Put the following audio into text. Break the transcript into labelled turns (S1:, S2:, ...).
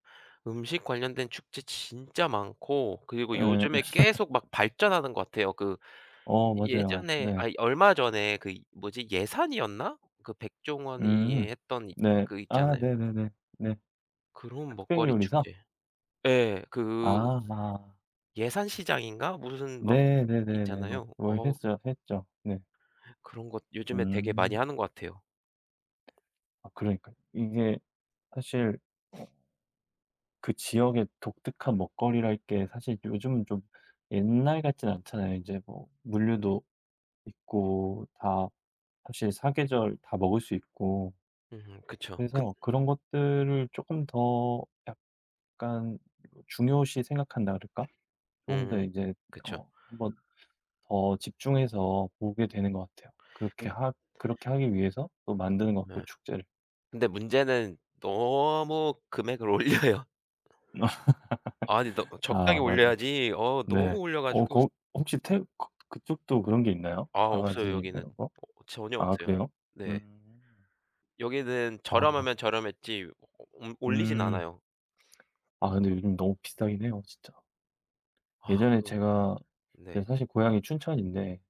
S1: 음식 관련된 축제 진짜 많고 그리고
S2: 예.
S1: 요즘에 계속 막 발전하는 것 같아요. 그
S2: 어.
S1: 이
S2: 맞아요.
S1: 예전에
S2: 네.
S1: 아니 얼마 전에 그 뭐지 예산이었나? 그 백종원이
S2: 음.
S1: 했던 이
S2: 네.
S1: 그
S2: 아
S1: 있잖아요.
S2: 네네네. 네.
S1: 그런 먹거리
S2: 흑백요리사?
S1: 축제. 예. 그
S2: 아 마
S1: 예산 시장인가 무슨 막
S2: 네. 네네네네.
S1: 있잖아요.
S2: 뭐
S1: 어
S2: 했어요, 했죠. 네.
S1: 그런 것 요즘에 되게 많이
S2: 음.
S1: 하는 것 같아요.
S2: 아 그러니까 이게 사실 어 그 지역의 독특한 먹거리랄 게 사실 요즘은 좀 옛날 같진 않잖아요, 인제 뭐 물류도 있고 다 사실 사계절 다 먹을 수 있고.
S1: 으흠. 그쵸. 근
S2: 그래서 그런 것들을 쪼끔 더 약간 중요시 생각한다 그럴까 쪼금 더
S1: 음.
S2: 이제
S1: 그쵸.
S2: 어 1 번 더 집중해서 보게 되는 것 같아요. 그렇게
S1: 근
S2: 하 그렇게 하기 위해서 또 만드는 것 같고,
S1: 네.
S2: 축제를.
S1: 근데 문제는 너무 금액을 올려요. 아니 너 적당히
S2: 아 맞아요.
S1: 올려야지. 어 너무
S2: 네.
S1: 올려
S2: 어
S1: 가지고 스
S2: 거 혹시 태 거 그쪽도 그런 게 있나요?
S1: 아. 없어요,
S2: 바가지 뭐
S1: 여기는.
S2: 이런 거?
S1: 어 전혀
S2: 아
S1: 없어요.
S2: 그래요?
S1: 네.
S2: 음.
S1: 여기는
S2: 아.
S1: 저렴하면 저렴했지 오 오 옴 올리진
S2: 음.
S1: 않아요.
S2: 아 근데 요즘 너무 비싸긴 해요, 진짜.
S1: 아
S2: 예전에
S1: 뭐.
S2: 제가
S1: 네.
S2: 제가 사실 고향이 춘천인데